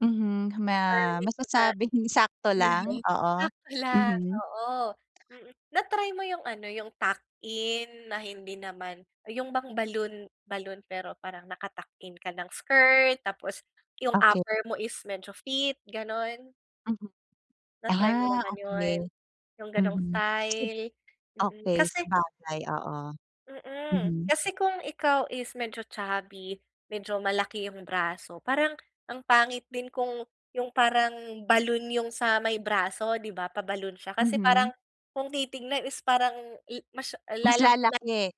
Mhm ma masasabing sakto lang oo [unintelligible] mhm. Oo, mm. Na-try mo yung ano yung tuck-in na hindi naman yung bang balloon balloon pero parang nakatuck-in ka ng skirt tapos yung Okey. upper mo is medyo fit ganun? Mhm Na-try mo ah naman okey. yun? Yung ganong Mhm. style? Mm Okey kasi sabagay oo Hmm. mhm. Kasi kung ikaw is medyo chubby, medyo malaki yung braso. Parang ang pangit din kung yung parang balloon yung sa may braso di ba? Pa balloon siya. Kasi Mhm. parang kung titignan is parang mas Mas lalaki. lalaki.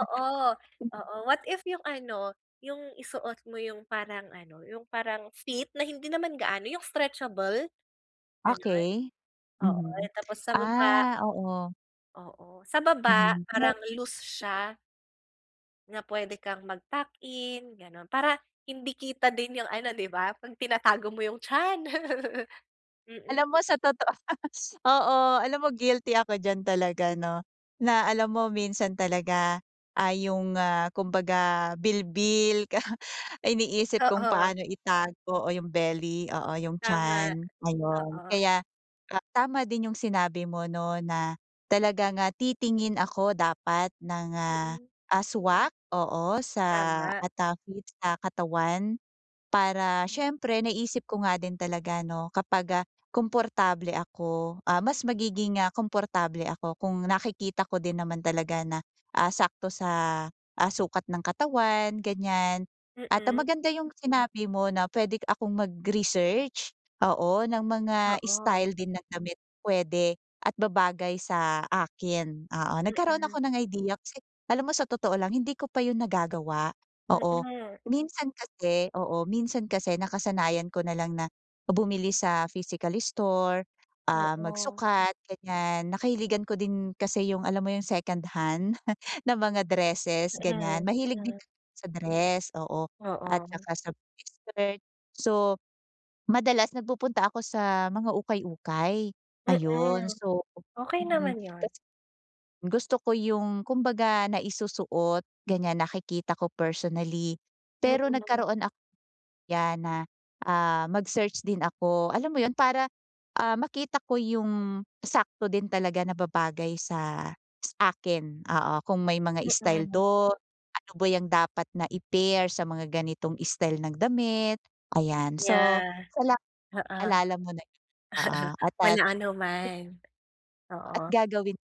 oo what if yung ano yung isuot mo yung parang ano yung parang fit na hindi naman gaano yung stretchable ganun. Okey, Oo mhm. tapos sa baba Ah, oo. Oo sa baba Mhm. Ma parang loose siya. Na pwede kang mag tuck-in ganun. Para hindi kita din yung ano, di ba pag tinatago mo yung tiyan. Mm. Alam mo sa totoo oo, alam mo guilty ako diyan talaga no. Na alam mo minsan talaga ay yung, ah, kumbaga bilbil ka iniisip kung Oo. paano itago o yung belly oo yung Tama. tiyan ayun. Oo. Kaya tama din yung sinabi mo no? Na talaga nga titingin ako dapat ng Mhm. ah, swak oo sa Tama. at, ah, fit sa katawan. Para siyempre naisip ko nga din talaga no kapag, ah, komportable ako, ah, mas magiging, ah, komportable ako kung nakikita ko din naman talaga na, ah, sakto sa sukat ng katawan ganyan. At, ah, Hmm. maganda yung sinabi mo na pwede akong mag research, oo ng mga Oo. style din ng damit pwede, at babagay sa akin, oo. Nagkaroon Hmm. ako ng idea, kasi alam mo sa totoo lang hindi ko pa yun nagagawa. Oo Hmm. minsan kasi, oo minsan kasi nakasanayan ko na lang na bumili sa physical store, ah, Oo. magsukat ganyan, nakahiligan ko din kasi yung alam mo yung second hand na mga dresses Hmm ganyan, mahilig din hmm. sa dress, oo at Oo. tsaka sa skirt. So, madalas nagpupunta ako sa mga ukay-ukay ayun. Hmm. So, Okey hmm naman yun. kasi, gusto ko yung kumbaga naisusuot ganyan, nakikita ko personally. Pero Mhm. nagkaroon ako yan na, ah, mag search din ako, alam mo yun? Para, ah, makita ko yung sakto din talaga na babagay sa sa akin oo kung may mga style Hmm. dun, ano ba yung dapat na i-pair sa mga ganitong style ng damit, ayan. So Yeah, salamat oo. naalala mo na yun, oo at at. Walang anuman, At oo. gagawin.